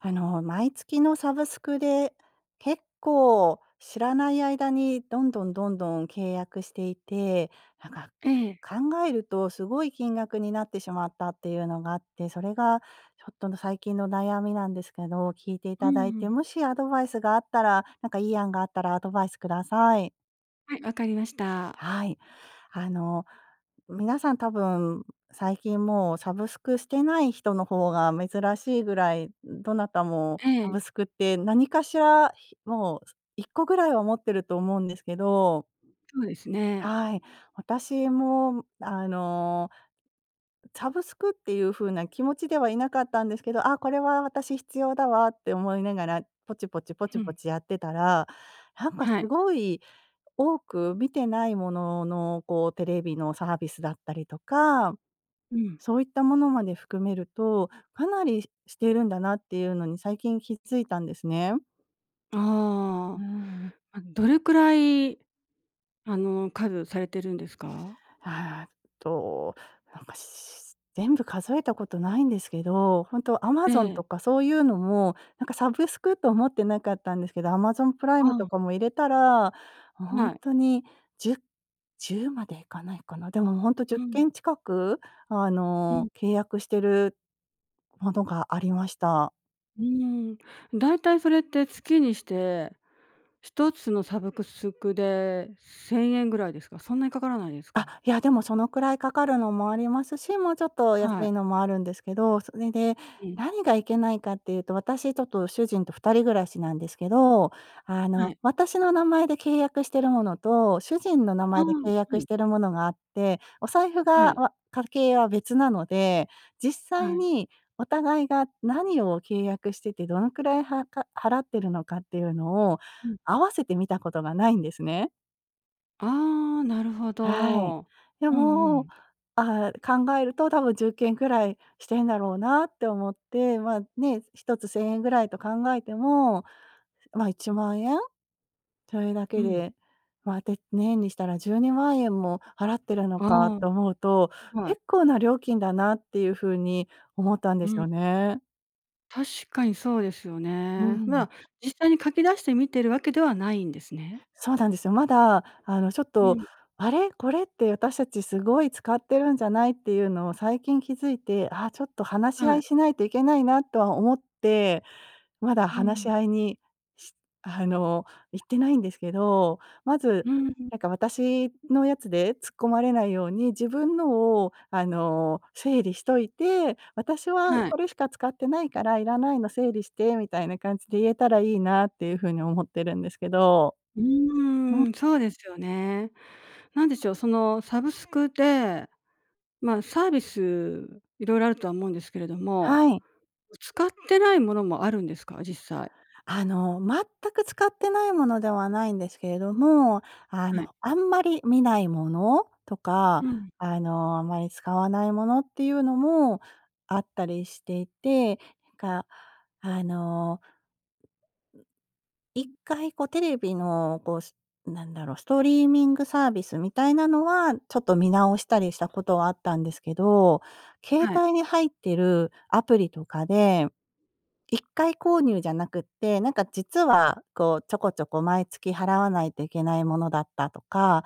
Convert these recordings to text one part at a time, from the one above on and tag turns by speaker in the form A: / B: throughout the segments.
A: あの、毎月のサブスクで結構知らない間にどんどんどんどん契約していて、なんか
B: ええ。
A: 考えるとすごい金額になってしまったっていうのがあって、それがちょっとの最近の悩みなんですけど、聞いてい
B: う
A: た
B: ん
A: だい
B: う
A: て、
B: ん。
A: もしアドバイスがあったらなんかいい案があったらアドバイスください。
B: はい、わかりました。
A: はい。あの、皆さん多分最近もうサブスクしてない人の方が珍しいぐらい、どなたも
B: え
A: サブ
B: え。
A: スクって何かしら、もう1個ぐらいは持ってると思うんですけど。
B: そうですね。
A: はい。私もあのサブスクっていう風な気持ちではいなかったんですけど、「あ、これは私必要だわ」って思いながら、ポチポチポ
B: ふ
A: チポ
B: ん。
A: チやってたら、なんか
B: は
A: す
B: い。
A: ごい多く見てないものの、こう、テレビのサービスだったりとか、
B: うん。
A: そういったものまで含めると、かなりしてるんだなっていうのに最近気づいたんですね。う
B: ああ、
A: ん。
B: あのどれくらい、あの、数されてるんですか？
A: ああ、っと、なんかし全部数えたことないんですけど、ほんと
B: え
A: Amazon
B: え。
A: とかそういうのも、なんかサブスクと思ってなかったんですけど、Amazon プライ
B: う
A: ムと
B: ん。
A: かも入れたら、も、ほん
B: はい。
A: とに10 10までいかないかな。でもほんとじ
B: う
A: ゅっ
B: ん。
A: けん近く、あ
B: うん。
A: の、契約してるものがありました。
B: うーん、だいたいそれって月にして、一つのサブスクで1000円ぐらいですか？そんなにかからないです
A: あ、
B: か？
A: いや、でもそのくらいかかるのもありますし、もうちょっと安
B: はい。
A: いのもあるんですけど、それで、
B: うん。
A: 何がいけないかっていうと、私ちょっと主人と二人暮らしなんですけど、あ
B: は
A: の、
B: い。
A: 私の名前で契約してるものと、主人の名
B: ああ、
A: 前で契
B: は
A: 約
B: い。
A: しているものがあって、お財布
B: は
A: が
B: い。
A: わ家計は別なので、実
B: は
A: 際
B: い。
A: にお互いが何を契約しててどのくらいはか払ってるのかっていうのを
B: うん。
A: 合わせて見たことがないんですね。
B: ああ、なるほ
A: はい。
B: ど。
A: で
B: うんう
A: も、
B: ん。
A: ああ、考えると多分10件くらいしてんだろうなって思って、まあ、ね、1つ1000円ぐらいと考えても、まあ1万円それだ
B: う
A: け
B: ん。
A: で、まあ、て年にしたら12万円も払ってるの
B: あ
A: か
B: あ。
A: と思うと、
B: はい。
A: 結構な料金だなっていうふうに思ったんで
B: う
A: す
B: ん。
A: よね。
B: 確かにそうですよ
A: う
B: ね。な
A: ん。
B: ら、実際に書き出して見ているわけではないんですね。
A: そうなんですよ。まだあのちょっ
B: う
A: と
B: ん。
A: あれ、これって私たちすごい使ってるんじゃないっていうのを最近気づいて、あ、ちょっと話し
B: は
A: 合い
B: い。
A: しないといけないなとは思って、まだ
B: う
A: 話し
B: ん。
A: 合いにしあの、いってないんですけど、まず、
B: うーん。
A: なんか私のやつで突っ込まれないように、自分のをあの、整理しといて、私は
B: はい。
A: これしか使ってないからいらないの整理してみたいな感じで言えたらいいなっていうふうに思ってるんですけど。
B: う
A: うん。
B: ーん、そうですよね。なんでしょう、そのサブスクで、まあ、サービス色々あるとは思うんですけれども、
A: はい。
B: 使ってないものもあるんですか？実際。
A: あの、全く使ってないものではないんですけれども、あ
B: はい。
A: の、あんまり見ないものと
B: う
A: か、
B: ん。
A: あの、あまり使わないものっていうのもあったりしていて、か、あの、1回こうテレビのこう、なんだろう、ストリーミングサービスみたいなのは、ちょっと見直したりしたことはあったんですけど、携
B: はい。
A: 帯に入ってるアプリとかで、1回購入じゃなくって、なんか実はこうちょこちょこ毎月払わないといけないものだったとか、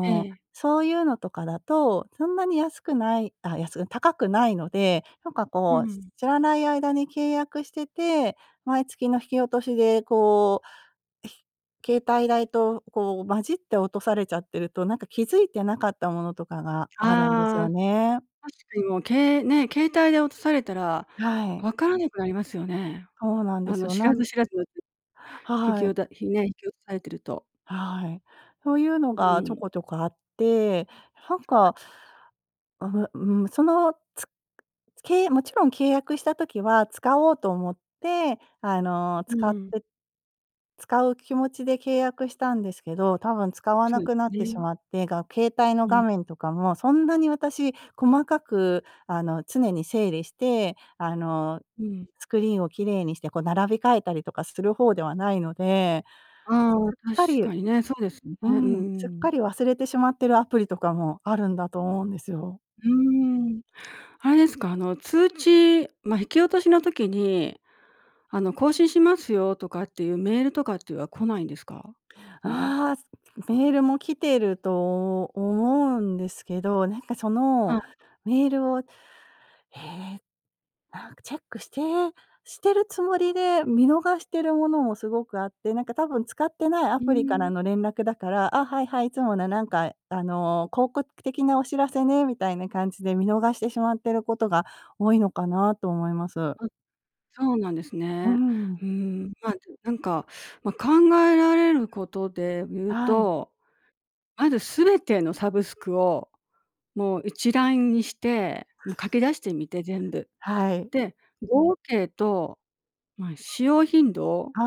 B: え
A: う、
B: え。
A: そういうのとかだと、そんなに安くないあ、安く高くないので、なんか
B: う
A: こう、し
B: ん。
A: 知らない間に契約してて、毎月の引き落としでこう携帯代とこう混じって落とされちゃってると、なんか気づいてなかったものとかがあるんです
B: あ
A: よ
B: あ。
A: ね。
B: 確かにもうけね、携帯で落とされたら
A: はい。
B: 分からなくなりますよね。
A: そうなんで
B: あ
A: す
B: の
A: よ。
B: 知
A: な
B: ら
A: ん
B: ず知らずの。引き
A: は
B: お
A: い。
B: たひね、引き落とされてると。
A: はい。そういうの
B: う
A: がちょ
B: ん。
A: こちょこあって、なん
B: はい。
A: かああ、んん、その、つけもちろん契約した時は使おうと思ってあの、
B: うん
A: 使っ
B: うん。
A: て使う気持ちで契約したんですけど、多分使わ
B: そ
A: な
B: うす
A: くなってし
B: ね。
A: まって、が携帯の
B: う
A: 画
B: ん。
A: 面とかもそんなに私、細かくあの、常に整理して、あの、
B: うん。
A: スクリーンを綺麗にしてこう並び替えたりとかする方ではないので、す
B: ああ、
A: すっか
B: 確
A: り
B: かにね、そうですよね。
A: う
B: うん
A: ん、すっ
B: う
A: か
B: ん。
A: り忘れてしまっているアプリとかもあるんだと思うんですよ。
B: うーん。あれですか？あの通知まあ、引き落としの時に、あの、更新しますよ、とかっていうメールとかっていうは来ないんですか？
A: ああ、メールも来てると思うんですけど、なんか、そ
B: は
A: の
B: い。
A: メールをええ、なんか、チェックしてしてるつもりで見逃しているものもすごくあって、なんか多分使ってないア
B: うー
A: プリから
B: ん。
A: の連絡だから、あ、はいはい、いつもなんかあの、広告的なお知らせね、みたいな感じで見逃してしまっていることが多いのかなと思います。
B: あ、そうなんです
A: う
B: ね。
A: ん。
B: うーん、まあ、でも、なんか、まあ、考えられることで言う
A: はい。
B: と、まず全てのサブスクを、もう一覧にして、もう書き出してみて全部。
A: はい。
B: で、合計とまあ、使用頻度
A: あ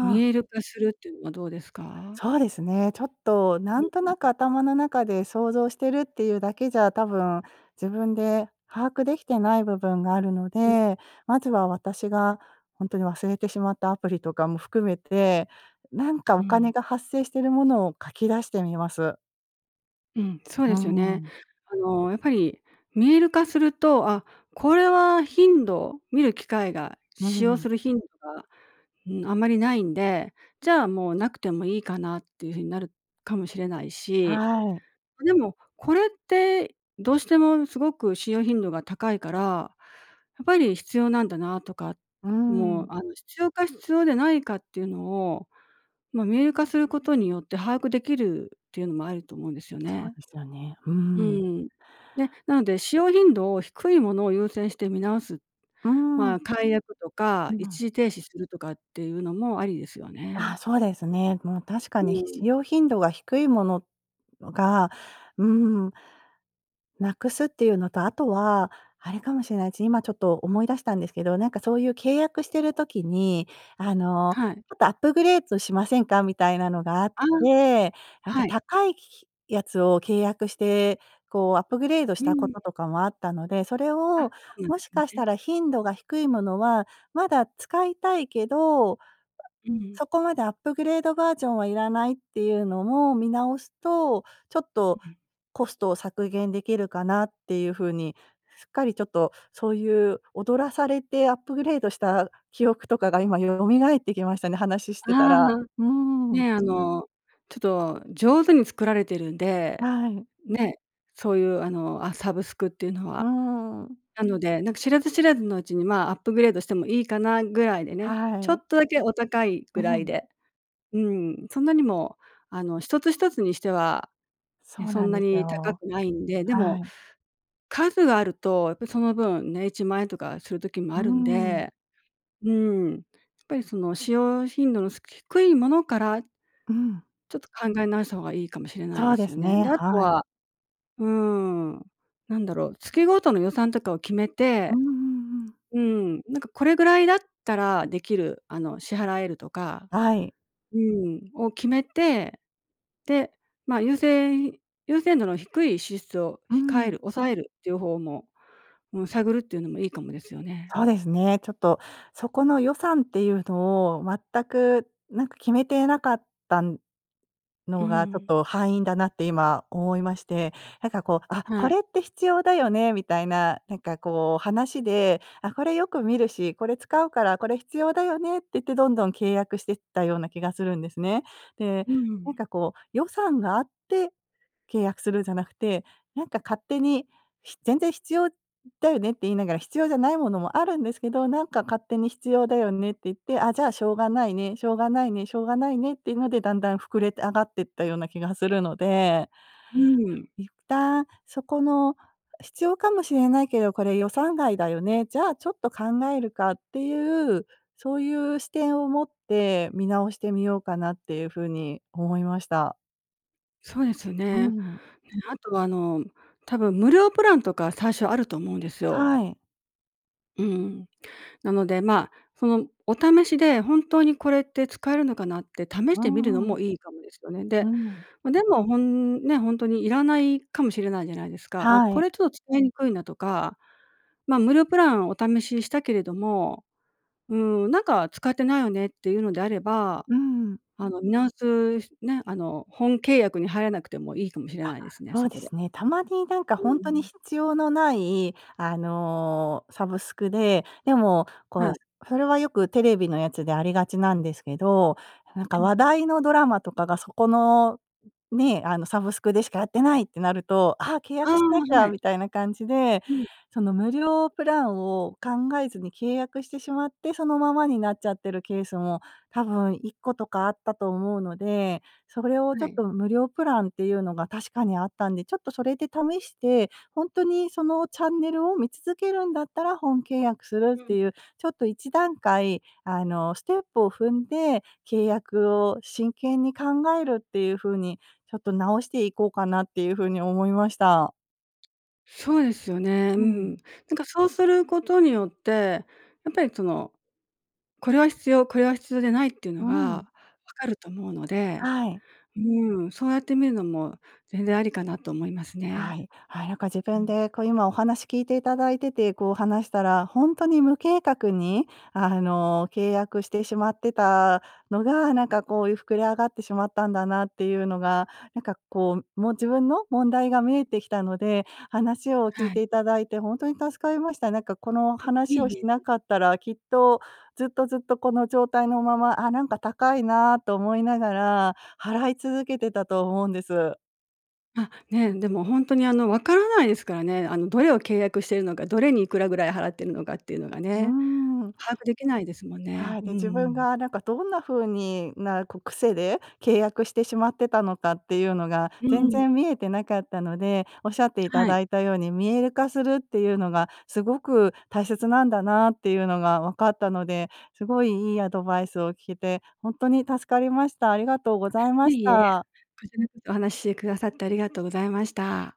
B: 見
A: あ。
B: える化するっていうのはどうですか？
A: そうですね、ちょっとなんと
B: う
A: な
B: ん。
A: く
B: ん。
A: 頭の中で想像しているっていうだけじゃ多分自分で把握できてない部分があるの
B: うん。
A: で、まずは私がほんとに忘れてしまったアプリとかも含めて、なんか
B: う
A: お金
B: ん。
A: が発生しているものを書き出してみます。
B: うん、そう
A: うー
B: ですよね。
A: ん。
B: あの、やっぱり、見える化すると、あ、これは頻度、見る機会が、
A: うふ、ふ
B: 使用す
A: ん。
B: る頻度が、うん、あまりないんで、じゃあもうなくてもいいかなっていう風になるかもしれないし。
A: はい。
B: ま、でも、これって、どうしてもすごく使用頻度が高いから、やっぱり必要なんだなとか、
A: うー
B: も
A: ん。
B: う、あの、必要か必要でないかっていうのを、ま、見える化することによって把握できるっていうのもあると思うんですよ
A: そう
B: ね。
A: ですよね。う
B: う
A: ん。
B: ん。で、なので、使用頻度を低いものを優先して見直す、
A: うー
B: ま
A: ん。
B: あ、解約とか
A: う
B: 一
A: ん。
B: 時停止するとかっていうのもありですよ
A: ああ、
B: ね。
A: そうですね。もう確か
B: う
A: に、使
B: ん。
A: 用頻度が低いもののが、うーん、なくすっていうのと、あとは、あれかもしれないつ。今ちょっと思い出したんですけど、なんか、そういう契約してる時に、「あの、
B: はい。
A: ちょっとアップグレードしませんか？」みたいなのがあっ
B: ああ。
A: て、なんか
B: はい。
A: 高い、ひひやつを契約して、こう、アップグレードし
B: う
A: たこ
B: ん。
A: ととかもあったので、それ
B: あ、そ
A: を、
B: うなんで
A: も
B: す
A: しかした
B: ね。
A: ら頻度が低いものはまだ使いたいけど、
B: うん。
A: そこまでアップグレードバージョンはいらないっていうのも見直すと、ちょっ
B: う
A: と、
B: ん。
A: コストを削減できるかなっていうふうに、すっかりちょっと、そういう、踊らされてアップグレードした記憶とかが今、よ蘇ってきましたね、話し
B: あ
A: てたら。
B: あ。
A: うーん。
B: ね、あの、ちょっと、上手に作られているんで。
A: はい。
B: ね。そういうあの、あ、サブスクっていうの
A: うー
B: は。
A: ん。
B: なので、なんか知らず知らずのうちに、まあアップグレードしてもいいかなぐらいでね、
A: は
B: ちょ
A: い。
B: っとだけお高いぐ
A: う
B: らい
A: ん。
B: で。うん。そんなにも、あの一つ一つにしては、ね、
A: そう
B: そ
A: な
B: ん
A: ん
B: な
A: です
B: に高
A: よ。
B: くないんで、で
A: は
B: も
A: い。
B: 数あるとやっぱりその分ね、1万円とかする時も
A: う
B: あ
A: ー
B: るん
A: ん。
B: で、うん。ぱりその使用頻度のすく低いものから
A: うん。
B: ちょっと考え直した方がいいかもしれない
A: そ
B: で
A: うで
B: すよ
A: す
B: ね。
A: ね。
B: で、あと
A: はい。
B: はうーん。なんだろう、月ごとの予算とかを決め
A: うん
B: て。
A: うんうん。
B: うん、なんか、これぐらいだったらできる、あの、支払えるとか
A: はい。
B: うん、を決めて、で、まあ、優先優先度の低い支出を、
A: う
B: 控え
A: ん。
B: る、抑えるっていうほうも、うん、探るっていうのもいいかもですよね。
A: そうですね。ちょっと、そこの予算っていうのを全く、なんか、決めてなかったん
B: う
A: のがちょっ
B: ん。
A: と敗因だなって今思いまして、なんかこう、「あ、こ
B: はい。
A: れって必要だよね」みたいな、なんかこう、話で、「あ、これよく見るし、これ使うからこれ必要だよね」って言ってどんどん契約してったような気がするんですね。で、
B: う
A: なん
B: ん。
A: かこう、予算があって契約するんじゃなくて、なんか、勝手に、ひ「全然必要だよね」って言いながら必要じゃないものもあるんですけど、なんか、勝手に「必要だよね」って言って、「あ、じゃあしょうがないね」、「しょうがないね」、「しょうがないね」っていうのでだんだん膨れて上がっていったような気がするので
B: うん。
A: 一旦「そこの必要かもしれないけどこれ予算外だよね、じゃあちょっと考えるか」っていう、そういう視点を持って見直してみようかなっていうふうに思いました。
B: そうですよ
A: うー
B: ね。
A: ん。
B: え、あとはあの、多分無料プランとか最初あると思うんですよ。
A: はい。
B: うん。なので、まあ、そのお試しで本当にこれって使えるのかなって試し
A: う
B: てみるの
A: んうん。
B: もいいかもですよね。
A: う
B: で、
A: ん。
B: ま、でもほんね、ほんとにいらないかもしれないじゃないですか。「あ、
A: は
B: こ
A: い。
B: れちょっと使いにくいな」とか、「ま、無料プランお試ししたけれども、うーん、なんか使ってないよね」っていうのであれば、
A: うーん。
B: あの、見直すすね、あの、本契約に入らなくてもいいかもしれ
A: あ、
B: ないですね、
A: そ
B: そ
A: うで
B: こで。
A: すね。たまになんか
B: う
A: ほんとに
B: ん。
A: 必要のないあの、サブスクで、でもこ
B: は
A: う、
B: い。
A: すそれはよくテレビのやつでありがちなんですけど、なん
B: え、
A: か
B: う
A: 話
B: ん。
A: 題のドラマとかがそこの、んね、あのサブスクでしかやってないってなると、「あ、契
B: あ
A: 約
B: あ、
A: しなき
B: は
A: ゃ」
B: い。
A: みたいな感じで、
B: うん。
A: その無料プランを考えずに契約してしまって、そのままになっちゃってるケースも多分1個とかあったと思うので、それをちょ
B: は
A: っ
B: い。
A: と無料プランっていうのが確かにあったんで、ちょっとそれで試して、ほんとにそのチャンネルを見続けるんだったら、本契約す
B: で、
A: るっ
B: う
A: て
B: ん。
A: いう、ちょっと一段階、あの、ステップを踏んで、契約を真剣に考えるっていう風に、ちょっと直していこうかなっていう風に思いました。
B: そうですよね。う
A: う
B: ん。
A: ん。
B: なんかそうすることによって、やっぱりその、これは必要、これは必要でないっていうの
A: うん。
B: が分かると思うので、
A: はい。
B: うん、そうやってみるのも、全然ありかなと思います
A: は
B: ね。
A: い。はい、なんか自
B: う
A: 分
B: ん。
A: でこう今お話聞いていただいてて、こう話したら、ほんとに無計画に、あの、契約してしまってたのが、なんかこういう膨れ上がってしまったんだなっていうのが、なんかこう、もう自分の問題が見えてきたので、話を聞
B: は
A: い
B: い。
A: ていただいてほんとに助かりました。なんかこの
B: あ、いえ
A: 話を
B: い
A: し
B: え。
A: なかったら、きっと、ずっとずっとこの状態のまま、「ああ、なんか高いなあ」と思いながら、払い続けてたと思うんです。
B: あ、ね。でもほんとにあのわからないですからね。あのどれを契約しているのか、どれにいくらぐらい払っているのかっていうのが
A: うー
B: ね、
A: ん。
B: 把握できないですもんね。
A: はい、
B: うん
A: で、
B: う
A: 自分
B: ん。
A: がなんかどんな風にな、こう癖で、契約してしまってたのかっていうのが、
B: う
A: 全
B: ん。
A: 然見えてなかったので、おっしゃっていた
B: はい。
A: だいたように見える化するっていうのが、すごく、大切なんだなあっていうのがわかったので、すごいいいアドバイスを聞けて、ほんとに助かりました。ありがとうご
B: あ、
A: ざいまし
B: いえ。
A: た。
B: こちらこそお話してくださって、ありがとうございました。